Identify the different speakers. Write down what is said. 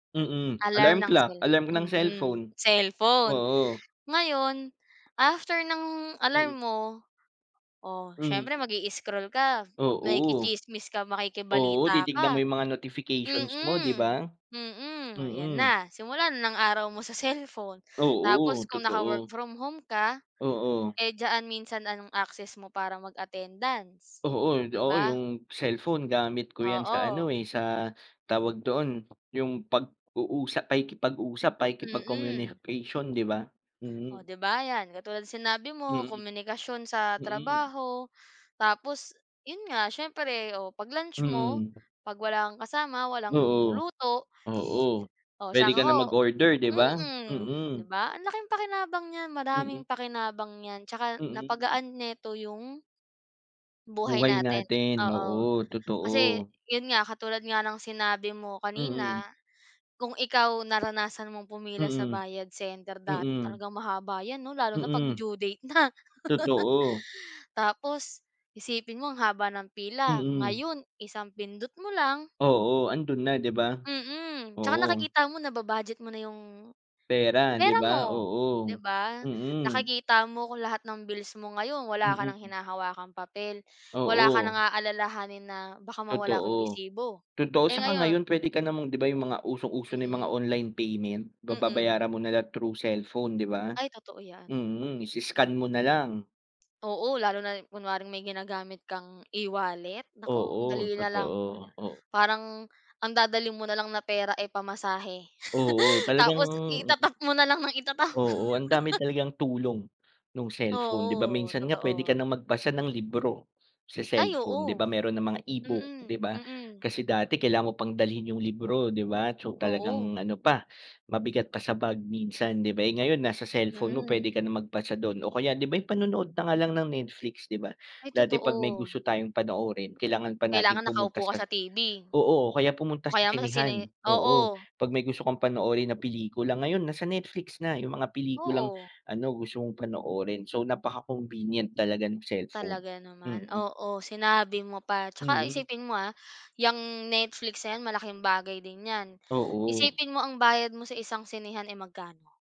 Speaker 1: Mm,
Speaker 2: Alarm
Speaker 1: alarm
Speaker 2: ng
Speaker 1: clock,
Speaker 2: cell
Speaker 1: alarm ng
Speaker 2: mm,
Speaker 1: cellphone,
Speaker 2: cellphone.
Speaker 1: oo.
Speaker 2: Ngayon, after ng
Speaker 1: Mm.
Speaker 2: alarm mo, o
Speaker 1: Hmm.
Speaker 2: siyempre mag-i-scroll ka,
Speaker 1: Oo,
Speaker 2: makikichismis ka,
Speaker 1: oo,
Speaker 2: makikibalita
Speaker 1: titignan mo
Speaker 2: ka,
Speaker 1: 'yung mga
Speaker 2: mm,
Speaker 1: notifications mo, 'di
Speaker 2: mm.
Speaker 1: ba?
Speaker 2: Ayan
Speaker 1: Mm.
Speaker 2: na, simula na ng araw mo sa cellphone. Tapos
Speaker 1: Oo,
Speaker 2: kung naka-work
Speaker 1: totoo.
Speaker 2: from home ka,
Speaker 1: Oo.
Speaker 2: eh, diyan, minsan anong access mo para mag-attendance,
Speaker 1: Oo,
Speaker 2: 'di
Speaker 1: oo,
Speaker 2: ba?
Speaker 1: 'yung cellphone gamit ko 'yan sa ano,
Speaker 2: Oo.
Speaker 1: eh, sa tawag doon, 'yung pag-uusap, pakikipag-usap,
Speaker 2: Mm.
Speaker 1: pakikipag-communication, 'di ba?
Speaker 2: Oh
Speaker 1: Mm.
Speaker 2: 'di ba, 'yan, katulad ng sinabi mo,
Speaker 1: Mm,
Speaker 2: komunikasyon sa
Speaker 1: mm.
Speaker 2: trabaho. Tapos 'yun nga, siyempre, o 'pag lunch mo,
Speaker 1: Mm.
Speaker 2: 'pag wala kang kasama, walang
Speaker 1: Oo,
Speaker 2: luto,
Speaker 1: oo,
Speaker 2: oh,
Speaker 1: pwede
Speaker 2: tsaka
Speaker 1: ka
Speaker 2: ako
Speaker 1: na mag-order, 'di ba?
Speaker 2: mm, 'di
Speaker 1: Mm.
Speaker 2: ba, ang laking pakinabang niyan,
Speaker 1: Mm.
Speaker 2: madaming pakinabang 'yan, tsaka
Speaker 1: Mm.
Speaker 2: napagaan nito 'yung buhay
Speaker 1: Buhay
Speaker 2: natin.
Speaker 1: natin,
Speaker 2: Oo,
Speaker 1: oo,
Speaker 2: kasi
Speaker 1: totoo.
Speaker 2: 'yon nga, katulad nga ng sinabi mo
Speaker 1: Mm.
Speaker 2: kanina, kung ikaw naranasan mong pumila sa
Speaker 1: Mm,
Speaker 2: bayad center dati,
Speaker 1: mm,
Speaker 2: talagang mahaba yan 'no? Lalo na 'pag
Speaker 1: mm.
Speaker 2: due date na.
Speaker 1: Totoo.
Speaker 2: Tapos isipin mo ang haba ng pila,
Speaker 1: Mm.
Speaker 2: ngayon isang pindot mo lang
Speaker 1: Oo, andun na 'di ba?
Speaker 2: Mm, tsaka
Speaker 1: Oo.
Speaker 2: nakikita mo, naba-budget mo na 'yong
Speaker 1: Pera, 'di
Speaker 2: pera
Speaker 1: ba?
Speaker 2: mo, 'di
Speaker 1: Oo,
Speaker 2: ba?
Speaker 1: mm.
Speaker 2: Nakikita mo kung lahat ng bills mo ngayon, wala ka nang
Speaker 1: Mm.
Speaker 2: hinahawakang papel, wala ka nang
Speaker 1: Oo.
Speaker 2: aalalahanin na baka mawala ko yung
Speaker 1: Totoo,
Speaker 2: resibo.
Speaker 1: totoo.
Speaker 2: Eh,
Speaker 1: Tsaka ngayon,
Speaker 2: ngayon
Speaker 1: pwede ka namang, 'di ba 'yung mga usong-uso na mga
Speaker 2: Mm.
Speaker 1: online payment,
Speaker 2: Mm.
Speaker 1: babayaran mo na lang through cellphone, 'di ba?
Speaker 2: Ay, totoo 'yan.
Speaker 1: Mm, i-scan mo na lang.
Speaker 2: Oo, lalo na, ah kunwaring may ginagamit kang e-wallet, naku, ang
Speaker 1: Oo,
Speaker 2: dali na lang.
Speaker 1: totoo. Oh.
Speaker 2: Parang ang dadalhin mo na lang na pera, eh, pamasahe,
Speaker 1: Oo, talagang.
Speaker 2: tapos ita-tap mo na lang nang ita-tap.
Speaker 1: Oo, ang dami talagang tulong ng cellphone 'di ba,
Speaker 2: Oo,
Speaker 1: minsan nga pwede ka
Speaker 2: totoo.
Speaker 1: nang magbasa ng libro sa
Speaker 2: Ay,
Speaker 1: cellphone di ba,
Speaker 2: oo.
Speaker 1: meron ng mga e-book,
Speaker 2: Mm,
Speaker 1: di ba,
Speaker 2: mm.
Speaker 1: kasi dati kailangan mo pang dalhin yung libro di ba, so
Speaker 2: Oo.
Speaker 1: talagang ano pa mabigat pa sa bag minsan, di ba? Eh, ngayon nasa cellphone mo
Speaker 2: Mm.
Speaker 1: pwede ka nang magbasa dun o kaya 'di ba, panonood na nga lang ng Netflix di ba,
Speaker 2: Ay,
Speaker 1: dati pag may
Speaker 2: totoo.
Speaker 1: gusto tayong panoorin, kailangan pa natin
Speaker 2: Kailangan
Speaker 1: pumunta
Speaker 2: nakaupo
Speaker 1: sa
Speaker 2: ka sa
Speaker 1: sa
Speaker 2: TV,
Speaker 1: oo, kaya
Speaker 2: o
Speaker 1: pumunta sa
Speaker 2: kaya mo sa sine
Speaker 1: sinehan, oo,
Speaker 2: oo.
Speaker 1: pag may gusto kang panoorin na pelikula, ngayon nasa Netflix na yung mga pelikulang
Speaker 2: Oo.
Speaker 1: ano gusto mong panoorin, so napaka-convenient talaga ng cellphone,
Speaker 2: Talaga naman,
Speaker 1: mm.
Speaker 2: oo, sinabi mo pa. Tsaka
Speaker 1: Mm.
Speaker 2: isipin mo, ah, 'yang Netflix na yan malaking bagay din 'yan.
Speaker 1: Oo.
Speaker 2: Isipin mo, ang bayad mo sa isang sinehan, eh, magkano?